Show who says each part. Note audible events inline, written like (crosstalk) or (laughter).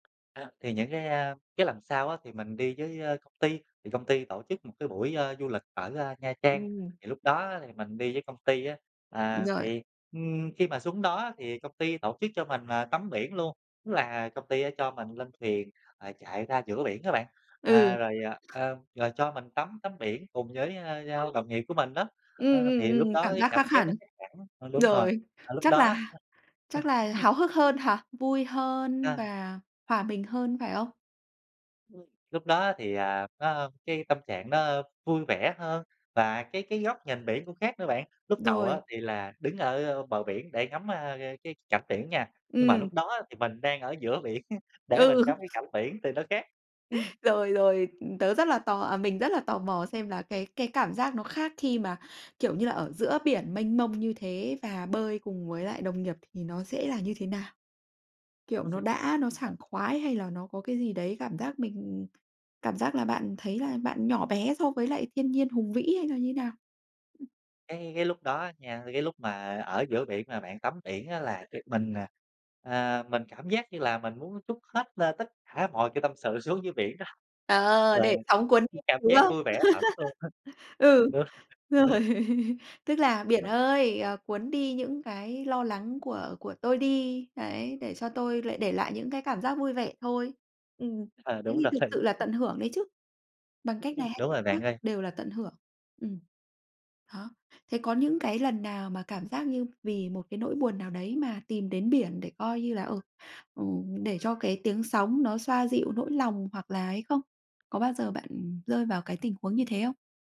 Speaker 1: A, thì những cái, a, cái lần sau á thì mình đi với, ơ, công ty. Thì công ty tổ chức một cái buổi, a, du lịch ở, a, Nha Trang,
Speaker 2: Ừm.
Speaker 1: thì lúc đó á thì mình đi với công ty á. À,
Speaker 2: Rồi.
Speaker 1: thì, ừm, khi mà xuống đó á thì công ty tổ chức cho mình, à, tắm biển luôn, tức là công ty á cho mình lên thuyền, ờ, chạy ra giữa biển á bạn,
Speaker 2: Ừ.
Speaker 1: à, rồi, à, a, rồi cho mình tắm tắm biển cùng với, a, a, đồng nghiệp của mình đó,
Speaker 2: Ừm,
Speaker 1: ơ,
Speaker 2: ừm,
Speaker 1: thì lúc
Speaker 2: ừm,
Speaker 1: đó
Speaker 2: cảm
Speaker 1: cái
Speaker 2: giác
Speaker 1: cảm
Speaker 2: khác
Speaker 1: giác
Speaker 2: hẳn.
Speaker 1: nó khác hẳn ờ, đúng rồi,
Speaker 2: Rồi,
Speaker 1: ờ, lúc
Speaker 2: chắc
Speaker 1: đó
Speaker 2: là h
Speaker 1: á
Speaker 2: chắc là
Speaker 1: (chuckles)
Speaker 2: háo hức hơn hả? Vui hơn
Speaker 1: A.
Speaker 2: và hòa mình hơn, phải không?
Speaker 1: Ừm, lúc đó á thì, à, nó, a, cái tâm trạng nó, a, vui vẻ hơn và cái cái góc nhìn biển cũng khác nữa bạn. Lúc đầu á
Speaker 2: Rồi.
Speaker 1: thì là đứng ở, ơ, bờ biển để ngắm, a, cái cảnh biển nha. Nhưng mà
Speaker 2: Ừm.
Speaker 1: lúc đó á thì mình đang ở giữa biển á, để mình
Speaker 2: Ừ.
Speaker 1: ngắm cái cảnh biển thì nó khác. Ừm.
Speaker 2: Rồi, rồi, ừm, tớ rất là tò à, mình rất là tò mò xem là cái cái cảm giác nó khác khi mà, kiểu như là, ở giữa biển mênh mông như thế và bơi cùng với lại đồng nghiệp thì nó sẽ là như thế nào? Kiểu, nó
Speaker 1: (chuckles)
Speaker 2: đã nó
Speaker 1: À.
Speaker 2: sảng khoái hay là nó có cái gì đấy, cảm giác mình cảm giác là bạn thấy là bạn nhỏ bé so với lại thiên nhiên hùng vĩ hay là như nào? Ừm.
Speaker 1: Cái cái lúc đó á nha, cái lúc mà ở giữa biển mà bạn tắm biển á là mình, à, à, mình cảm giác như là mình muốn trút hết lên tất cả mọi cái tâm sự xuống dưới biển đó,
Speaker 2: Ờ,
Speaker 1: rồi,
Speaker 2: để sóng cuốn
Speaker 1: ừm,
Speaker 2: đi,
Speaker 1: cảm
Speaker 2: đúng
Speaker 1: giác
Speaker 2: không?
Speaker 1: vui vẻ hẳn luôn á.
Speaker 2: (laughs)
Speaker 1: Thật
Speaker 2: Ừ,
Speaker 1: luôn.
Speaker 2: rồi
Speaker 1: (chuckles)
Speaker 2: (laughs) tức là "Biển ơi, ờ, cuốn đi những cái lo lắng của của tôi đi", đấy, "Để cho tôi lại để lại những cái cảm giác vui vẻ thôi." Ừm,
Speaker 1: Ờ,
Speaker 2: thế
Speaker 1: đúng
Speaker 2: thì
Speaker 1: rồi
Speaker 2: thực
Speaker 1: thì
Speaker 2: sự là tận hưởng đấy chứ. Bằng cách
Speaker 1: Ừm,
Speaker 2: này hay
Speaker 1: đúng
Speaker 2: cách
Speaker 1: rồi bạn
Speaker 2: khác
Speaker 1: ơi.
Speaker 2: đều là tận hưởng. Ừm, đó, thế có những cái lần nào mà cảm giác như vì một cái nỗi buồn nào đấy mà tìm đến biển để, coi như là, ừ, ừ, để cho cái tiếng sóng nó xoa dịu nỗi lòng hoặc là ấy không? Có bao giờ bạn rơi vào cái tình huống như thế không?